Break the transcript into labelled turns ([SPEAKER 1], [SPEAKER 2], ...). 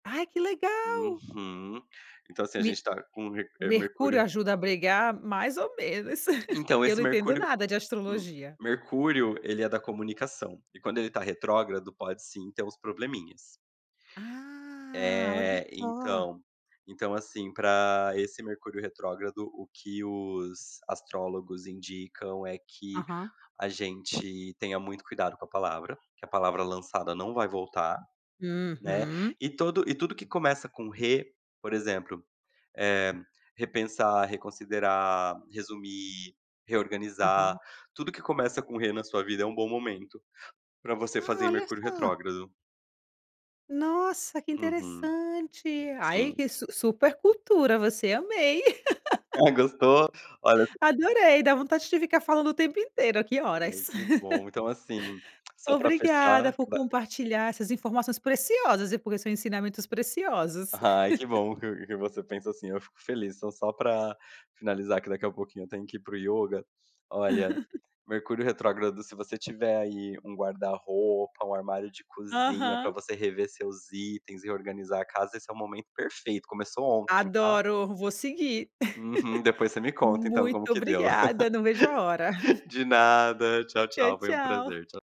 [SPEAKER 1] Ai, que legal!
[SPEAKER 2] Uhum. Então, assim, a gente
[SPEAKER 1] Me
[SPEAKER 2] está com eh,
[SPEAKER 1] Mercúrio
[SPEAKER 2] Mercúrio
[SPEAKER 1] ajuda a brigar, mais ou menos,
[SPEAKER 2] Então,
[SPEAKER 1] porque eu
[SPEAKER 2] esse
[SPEAKER 1] não entendo
[SPEAKER 2] Mercúrio
[SPEAKER 1] nada de
[SPEAKER 2] M
[SPEAKER 1] astrologia.
[SPEAKER 2] Mercúrio, ele é da comunicação, e quando ele tá retrógrado, pode, sim, ter uns probleminhas.
[SPEAKER 1] Ah, olha
[SPEAKER 2] É,
[SPEAKER 1] só!
[SPEAKER 2] então. Então, assim, pra esse Mercúrio retrógrado, o que os astrólogos indicam é que
[SPEAKER 1] Aham.
[SPEAKER 2] a gente tenha muito cuidado com a palavra, que a palavra lançada não vai voltar, né,
[SPEAKER 1] Uhum.
[SPEAKER 2] e todo e tudo que começa com re, por exemplo: Eh, repensar, reconsiderar, resumir, reorganizar,
[SPEAKER 1] Aham.
[SPEAKER 2] tudo que começa com re, na sua vida, é um bom momento, pra você
[SPEAKER 1] Ah,
[SPEAKER 2] fazer em
[SPEAKER 1] olha
[SPEAKER 2] Mercúrio
[SPEAKER 1] só!
[SPEAKER 2] retrógrado.
[SPEAKER 1] Nossa, que
[SPEAKER 2] Uhum.
[SPEAKER 1] interessante! Aí,
[SPEAKER 2] Sim.
[SPEAKER 1] que su super cultura você. Amei.
[SPEAKER 2] Ah, gostou? Olha
[SPEAKER 1] Adorei! Dá vontade de ficar falando o tempo inteiro, aqui,
[SPEAKER 2] Ai,
[SPEAKER 1] horas.
[SPEAKER 2] que bom! Então, assim, só pra
[SPEAKER 1] Obrigada,
[SPEAKER 2] fechar,
[SPEAKER 1] por
[SPEAKER 2] ba
[SPEAKER 1] compartilhar essas informações preciosas e por seus ensinamentos preciosos.
[SPEAKER 2] Ai, que bom que que você pensa assim. Eu fico feliz. Então, só pra finalizar, que daqui a pouquinho eu tenho que ir para o yoga, olha, Mercúrio retrógrado, se você tiver aí um guarda-roupa, um armário de cozinha, pra
[SPEAKER 1] Aham.
[SPEAKER 2] você rever seus itens e reorganizar a casa, esse é o momento perfeito. Começou ontem, tá?
[SPEAKER 1] Adoro, vou seguir!
[SPEAKER 2] Uhum, depois você me conta, então, como
[SPEAKER 1] Muito
[SPEAKER 2] que deu.
[SPEAKER 1] obrigada, não vejo a hora.
[SPEAKER 2] De nada, tchau
[SPEAKER 1] Tchau,
[SPEAKER 2] tchau, foi um
[SPEAKER 1] tchau.
[SPEAKER 2] prazer, tcha